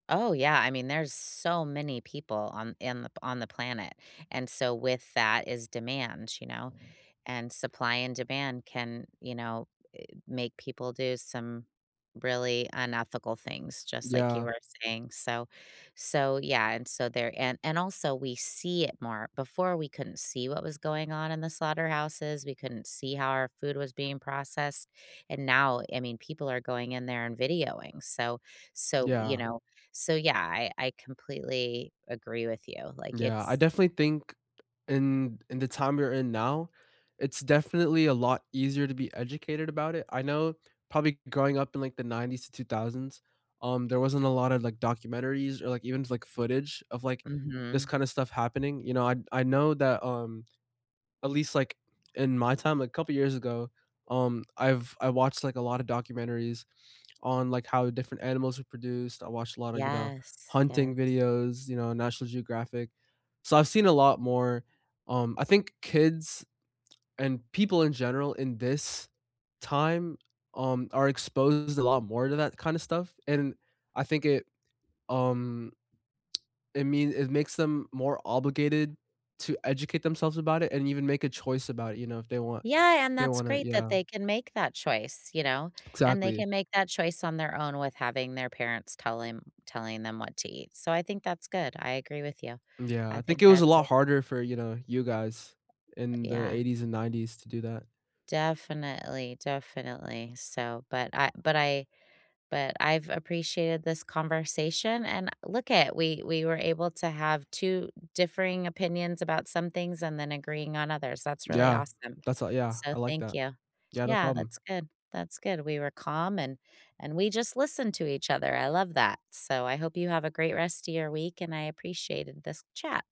Oh, yeah I mean, there's so many people on in the p on the planet, and so with that is demand, you know, and supply and demand can, you know, i make people do some really unethical things, just like you Yeah. were saying, so so yeah, and so there and and also we see it more, before, we couldn't see what was going on in the slaughterhouses, we couldn't see how our food was being processed and now, I mean, people are going in there and videoing, so so, you Yeah. know so, yeah, I I completely agree with you, like, Yeah, I it's definitely think in in the time we're in now, it's definitely a lot easier to be educated about it, I know probably growing up in, like, the 90s, 2000s, um, there wasn't a lotta, like, documentaries or, like, even, like, footage of, like this Mhm. kinda stuff happening, you know, I I know that, um, at least, like, in my time, a couple years ago, um, I've I watched, like, a lotta documentaries on, like, how different animals were produced, I watched a lotta, you know, Yes, hunting yes. videos, you know, National Geographic, so I've seen a lot more, um I think kids and people in general in this time, um, are exposed a lot more to that kinda stuff, and I think it um, it mean it makes them more obligated to educate themselves about it and even make a choice about it, you know, if they want Yeah, and they that's wanna great that yeah. they can make that choice, you know, and they Exactly. can make that choice on their own with having their parents telling them what to eat, so I think that's good, I agree with you, Yeah, I I think think it was a that's a lot harder for, you know, you guys But, in the yeah. 80s and 90s to do that. Definitely, definitely, so but I but I but I've appreciated this conversation, and look at we we were able to have 2 differing opinions about some things and then agreeing on others, that's really Yeah, awesome, that's a yeah, so I like thank that. you. Yeah, no Yeah, problem. that's good, that's good, we were calm, and and we just listened to each other, I love that, so, I hope you have a great rest of your week and I appreciated this chat.